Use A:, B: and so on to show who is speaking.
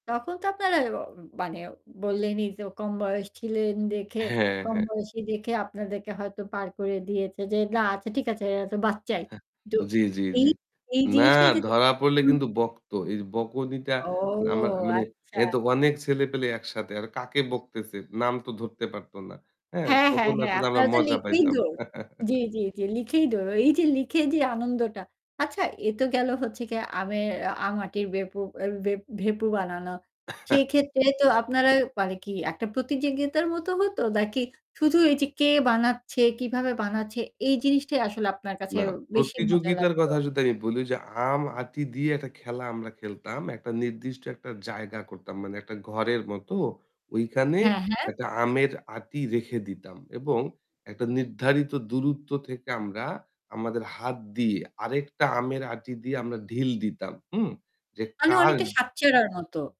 A: তখন তো অ আপনারা মানে বললেনই, যে কম বয়স ছিলেন দেখে
B: হ্যাঁ,
A: কম
B: হ্যাঁ।
A: বয়সী দেখে আপনাদেরকে হয়তো পার করে দিয়েছে যে, না আচ্ছা ঠিক আছে এরা তো বাচ্চাই তো
B: জি, জি,
A: এই,
B: জি।
A: এই
B: না
A: জিনিসটাই যে
B: ধরা পড়লে
A: [unintelligible]
B: কিন্তু বকতো। এই বকুনিটা
A: ও
B: না মা মানে
A: আচ্ছা।
B: এ তো অনেক ছেলে-পেলে একসাথে। আর কাকে বকতেছে? নাম তো ধরতে পারত না, হ্যাঁ?
A: হ্যাঁ, হ্যাঁ,
B: তখন
A: হ্যাঁ
B: আসলে আমরা
A: আপনারা তো
B: মজা
A: লিখেই
B: পাইতাম।
A: দৌড়। জি, জি, জ্বী লিখেই দৌড়, এই যে লিখেই যে আনন্দটা। আচ্ছা, এ তো গেল হচ্ছে গিয়ে আমের আম-আটির বেপু এর বেপ ভেঁপু বানানো। সেই ক্ষেত্রে তো
B: জী।
A: আপনারা মানে কি একটা প্রতিযোগিতার মতো হতো নাকি শুধু এই যে কে বানাচ্ছে, কিভাবে বানাচ্ছে এই জিনিসটাই আসলে আপনার কাছে
B: না,
A: বেশি মজা
B: প্রতিযোগিতার
A: লাগতো?
B: কথা যদি আমি বলি যে আম-আটি দিয়ে একটা খেলা আমরা খেলতাম, একটা নির্দিষ্ট একটা জায়গা করতাম। মানে একটা ঘরের মতো ঐখানে
A: হ্যাঁ, হ্যাঁ।
B: একটা আমের আঁটি রেখে দিতাম। এবং একটা নির্ধারিত দূরত্ব থেকে আমরা আমাদের হাত দিয়ে আরেকটা আমের আঁটি দিয়ে আমরা ঢিল দিতাম, হুম? যে
A: মানে অনেকটা
B: কার
A: সাতচারার মতো।